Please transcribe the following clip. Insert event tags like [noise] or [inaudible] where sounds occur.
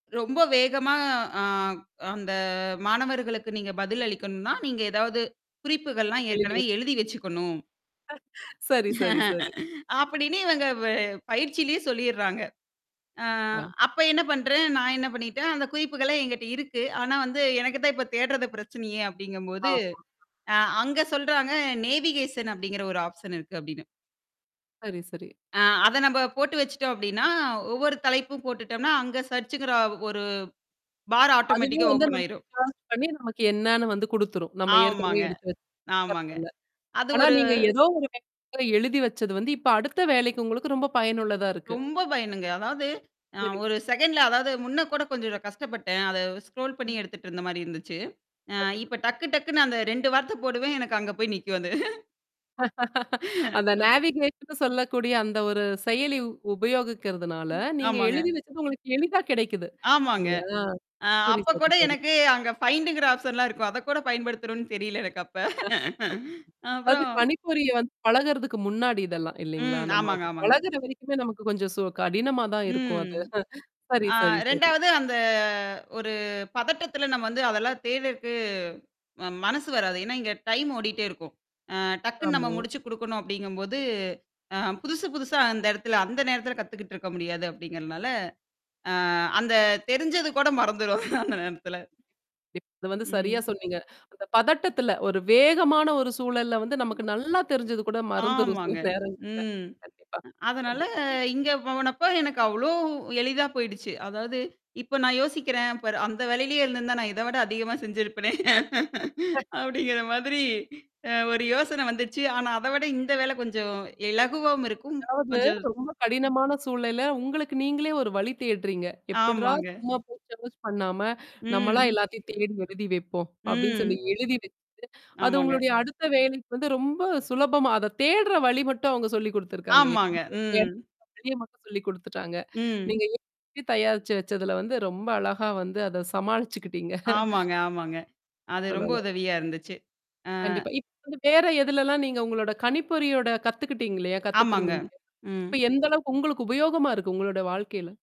ரொம்ப வேகமா ஆ, அந்த மாணவர்களுக்கு நீங்க பதில் அளிக்கணும்னா, நீங்க ஏதாவது குறிப்புகள்லாம், ஏற்கனவே எழுதிருவோம். எழுதி வெச்சுக்கணும். சரி, சரி, சரி. [laughs] அப்படின்னு இவங்க வ பயிற்சியிலேயே சொல்லிர்றாங்க. ஆ, ஆ. அப்ப என்ன பண்றேன், நான் என்ன பண்ணிட்டேன், அந்த குறிப்புகள என்கிட்ட இருக்கு. ஆனா, வந்து எனக்குத்தான் இப்ப தேட்றது பிரச்சனையே அப்படிங்கும்போது, ஆமாங்க. ஆ, அங்க சொல்றாங்க, "நேவிகேஷன் அப்படிங்கிற ஒரு ஆப்ஷன் இருக்கு" அப்படின்னு சரி, சரி. ஆ, அத நம்ப போட்டு வெச்சுட்டோம். அப்படின்னா, ஒவ்வொரு தலைப்பும் போட்டுட்டோம்னா, அங்க சர்ச்ங்கிற 1 பார் அதுவே ஆட்டோமேட்டிக்கா வந்து, ஓப்பன் நமக்கு ஆயிரும். சேர்ச் பண்ணி, நமக்கு என்னன்னு வந்து குடுத்துரும். நம்ம ஏற்கனவே ஆமாங்க, எடுத்து எடுத்து வச்சிருந்த ஆமாங்க. டேப்ல அது ஆனா, ஒரு நீங்க ஏதோ ஒரு சமயத்துல எழுதி வெச்சது வந்து, இப்ப அடுத்த வேலைக்கு உங்களுக்கு ரொம்ப பயனுள்ளதா இருக்கு. ரொம்ப பயனுங்க. அதாவது, ஆ, புரியுது. ஒரு செகண்ட்ல அதாவது முன்ன கூட கொஞ்சம் கஷ்டப்பட்டேன். அத ஸ்க்ரோல் பண்ணி எடுத்துட்டு இருந்த மாரி இருந்துச்சு. ஆ, கண்டிப்பா. இப்ப டக்கு டக்குன்னு அந்த 2 வார்த்த போடுவேன். எனக்கு அங்க போய் நிக்கும் அது. [laughs] [laughs] [laughs] அந்த ஆ. நேவிகேட்ன்னு சொல்லக்கூடிய, அந்த ஒரு செயலி உபயோகிக்கிறதுனால, நீங்க ஆமாங்க. எழுதி வெச்சது உங்களுக்கு எளிதா கெடைக்குது ஆமாங்க. இல்லையா? ஆ, சரி, அப்ப சரி, கூட சரி. எனக்கு அங்க ஃபைண்டுங்கிற ஆப்ஷன்லாம் இருக்கும். அத கூட பயன்படுத்தணும்னு தெரியல, எனக்கு அப்ப. ஆ. [laughs] அது அப்பறம் கணிப்பொறிய வந்து பழகுறதுக்கு முன்னாடி இதெல்லாம், இல்லைங்களா? ம். நம்ம ஆமாங்க, அது ஆமாங்க. பழகுற வரைக்குமே நமக்கு கொஞ்சம் சோ கடினமா தான் இருக்கும் ம். அது. [chuckles] சரி, ஆ, சரி, சரி. 2வது அந்த ஒரு பதட்டத்துல நம்ம வந்து அதெல்லாம் தேட்றதுக்கு ம மனசு வராது. ஏன்னா, இங்க டைம் ஓடிட்டே இருக்கும். ஆ, டக்குன்னு நம்ம ஆமா. முடிச்சு குடுக்கணும் அப்படிங்கும்போது, ஆ, புதுசு, புதுசா அந்த இடத்துல, அந்த நேரத்தில கத்துக்கிட்டு இருக்க முடியாது அப்படிங்கிறனால, ஆ, அந்த தெரிஞ்சது கூட மறந்துரும் அந்த நேரத்துல. அது வந்து ம். சரியா சொன்னீங்க. அந்த பதட்டத்தில ஒரு வேகமான, ஒரு சூழல்ல வந்து நமக்கு நல்லா தெரிஞ்சது கூட மறந்துரும் சில ஆமாங்க. நேரங்கள்ல. ம். கண்டிப்பா. அதனால, கண்டிப்பா, கண்டிப்பா. இங்க போனப்ப எனக்கு அவ்ளோ எளிதா போயிடுச்சு. அதாவது இப்ப நான் யோசிக்கிறேன், "பாரு அந்த வேலையிலேயே இருந்திருந்தா நான் இத விட அதிகமா செஞ்சிருப்பனே." [laughs] அப்படிங்கிற மாதிரி [sneezes] ஆ, ஒரு யோசனை வந்துச்சு. ஆனா, அத விட இந்த வேல கொஞ்சம் இலகுவாவும் இருக்கும். அதாவது கொஞ்சம் ரொம்ப கடினமான சூழல்ல உங்களுக்கு நீங்களே ஒரு வழி தேடுறீங்க. "எப்பட்றா ஆமாங்க. சும்மா போய் சேர்ச் பண்ணாம நம்மளா ம். எல்லாத்தையும் தேடி எழுதி வைப்போம்." அப்படின்னு சொல்லி ம். எழுதி வெச்சுட்டு அது ஆமாங்க. உங்களுடைய அடுத்த வேலைக்கு வந்து, ரொம்ப சுலபமா அத தேடுற வழி மட்டும் அவங்க சொல்லி குடுத்துருக்காங்க. ஆமாங்க. எப்படி [unintelligible] ம். தெரிய மட்டும் சொல்லி குடுத்துட்டாங்க. ம். நீங்க எழுதி தயாரிச்சு வெச்சதுல வந்து ரொம்ப அழகா வந்து அத சமாளிச்சுக்கிட்டீங்க. [laughs] ஆமாங்க, ஆமாங்க. அது ரொம்ப சொல்லல. உதவியா இருந்துச்சு. ஆ. கண்டிப்பா. இப்ப வந்து, வேற எதுலலாம் நீங்க உங்களோட கணிப்பொறியோட கத்துக்கிட்டீங்க இல்லையா? ஆமாங்க. கத்துட்டுருந்தீங்க இல்லையா? ம். இப்ப எந்த அளவுக்கு உங்களுக்கு உபயோகமா இருக்கு, உங்களோட வாழ்க்கையில?